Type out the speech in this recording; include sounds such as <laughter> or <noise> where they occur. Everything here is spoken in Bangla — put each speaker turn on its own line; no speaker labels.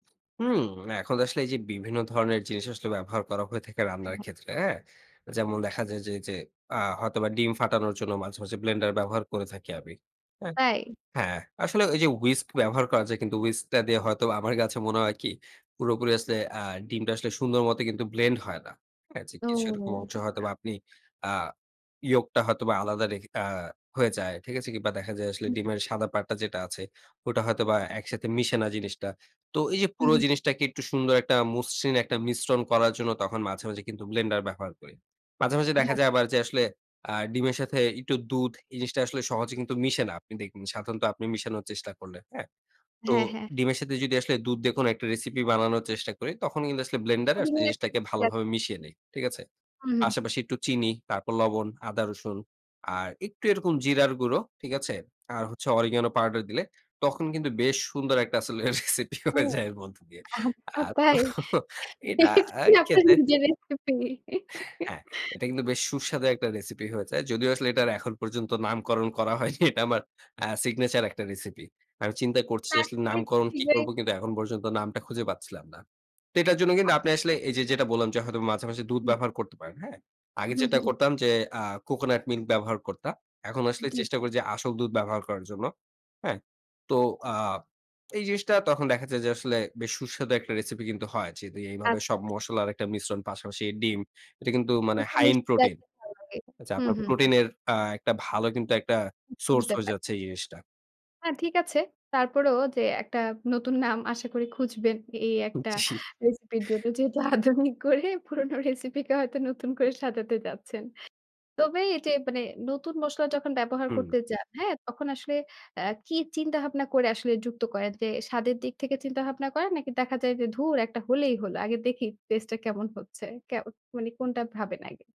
হুম। এখন আসলে এই যে বিভিন্ন ধরনের জিনিস আসলে ব্যবহার করা হয়ে থাকে
হ্যা,
রান্নার
হ্যা।
ক্ষেত্রে, হ্যাঁ? যেমন দেখা যায় যে এইযে আ হয়তোবা ডিম ফাটানোর জন্য মাঝে, মাঝে, ব্লেন্ডার ব্যবহার করে থাকি আমি। অ্যা
তাই?
হ্যাঁ, আসলে এই যে উইস্ক ব্যবহার করা যায় কিন্তু উইস্ক টা দিয়ে হয়তোবা আমার কাছে মনে হয় কি? পুরোপুরি আসলে আ ডিমটা আসলে সুন্দর মতো কিন্তু ব্লেন্ড হয় না, হ্যা? যে
ও
কিছু এরকম অংশ
আচ্ছা।
হয়তোবা আপনি আ ইয়োকটা হয়তোবা আলাদা রেখে আ হয়ে যায়, ঠিক আছে? কিংবা দেখা যায় আসলে
হুম।
ডিমের সাদা পার্টটা যেটা আছে, ওটা হয়তোবা একসাথে মিশে না জিনিসটা। তো এই যে
হু,
পুরো
হু।
জিনিসটাকে একটু সুন্দর একটা মসৃণ একটা মিশ্রণ করার জন্য তখন মাঝে, মাঝে, কিন্তু ব্লেন্ডার ব্যবহার করি। মাঝে, মাঝে
যা।
দেখা যায় আবার যে আসলে আ ডিমের সাথে একটু দুধ এই জিনিসটা আসলে সহজে কিন্তু মিশে না আপনি দেখবেন সাধারণত আপনি মিশানোর চেষ্টা করলে, হ্যাঁ? তো
হ্যাঁ, হ্যাঁ।
ডিমের সাথে যদি আসলে দুধ দেখুন একটা রেসিপি বানানোর চেষ্টা করি। তখন কিন্তু আসলে ব্লেন্ডারে আসলে জিনিসটাকে
<unintelligible>
ভালোভাবে মিশিয়ে নেই, ঠিক আছে?
হু,
পাশাপাশি
হু।
একটু চিনি, তারপর লবণ, আদা রসুন আর একটু এরকম জিরার গুঁড়ো, ঠিক আছে? আর হচ্ছে অরিগানো পাউডার দিলে তখন কিন্তু বেশ সুন্দর একটা আসলে রেসিপি
ও
হয়ে যায় এর মধ্য দিয়ে।
আচ্ছা
আর তো
তাই?
এটা আ
এইটাই আপনার
খেতে
নিজের রেসিপি।
হ্যাঁ,
<laughs>
এটা কিন্তু বেশ সুস্বাদু একটা রেসিপি হয়ে যায়। যদিও আসলে এটার এখন পর্যন্ত নামকরণ করা হয়নি। এটা আমার আ সিগনেচার একটা রেসিপি। আমি চিন্তা করছি আসলে
আশা করি খুব
নামকরণ কী
শিঘ্রই
করব? কিন্তু এখন পর্যন্ত নামটা খুঁজে পাচ্ছিলাম না। তো এটার জন্য কিন্তু
আশা
আপনি আসলে এই যে, যেটা বললাম যে হয়তো মাঝে, মাঝে, দুধ
হু।
ব্যবহার করতে পারেন, হ্যাঁ? আগে
হু,
যেটা
হু।
করতাম যে আ কোকোনাট মিল্ক ব্যবহার করতাম। এখন আসলে
জি, জি।
চেষ্টা করি যে আসল দুধ ব্যবহার করার জন্য, হ্যাঁ? তো আ এই জিনিসটা তখন দেখা যায় যে আসলে বেশ সুস্বাদু একটা রেসিপি কিন্তু হয়। যেহেতু এইভাবে
আচ্ছা,
সব
আচ্ছা।
মসলার একটা মিশ্রণ পাশাপাশি ডিম, এটা কিন্তু মানে
একটু
হাই এন্ড
মিষ্টি
প্রোটিন।
লাগলে ভালো লাগে।
আ যে
হু,
আপনার
হু, হু,
প্রোটিন এর আ একটা ভালো কিন্তু একটা সোর্স হয়ে
<unintelligible>
যাচ্ছে এই জিনিসটা।
হ্যাঁ, ঠিক আছে। তারপরেও যে একটা নতুন নাম আশা করি খুঁজবেন এই
উ,
একটা
জি।
রেসিপির জন্য। যেহেতু আধুনিক করে পুরনো রেসিপি কে হয়তো নতুন করে সাজাতে যাচ্ছেন। তবে এইযে মানে নতুন মসলা যখন ব্যবহার
হুম।
করতে যান হ্যাঁ? তখন আসলে অ্যা কি চিন্তা ভাবনা করে আসলে যুক্ত করেন? যে স্বাদের দিক থেকে চিন্তাভাবনা করেন? নাকি দেখা যায় যে, "ধুর একটা হলেই হল, আগে দেখি টেস্টটা কেমন হচ্ছে"? কে মানে কোনটা ভাবেন আগে?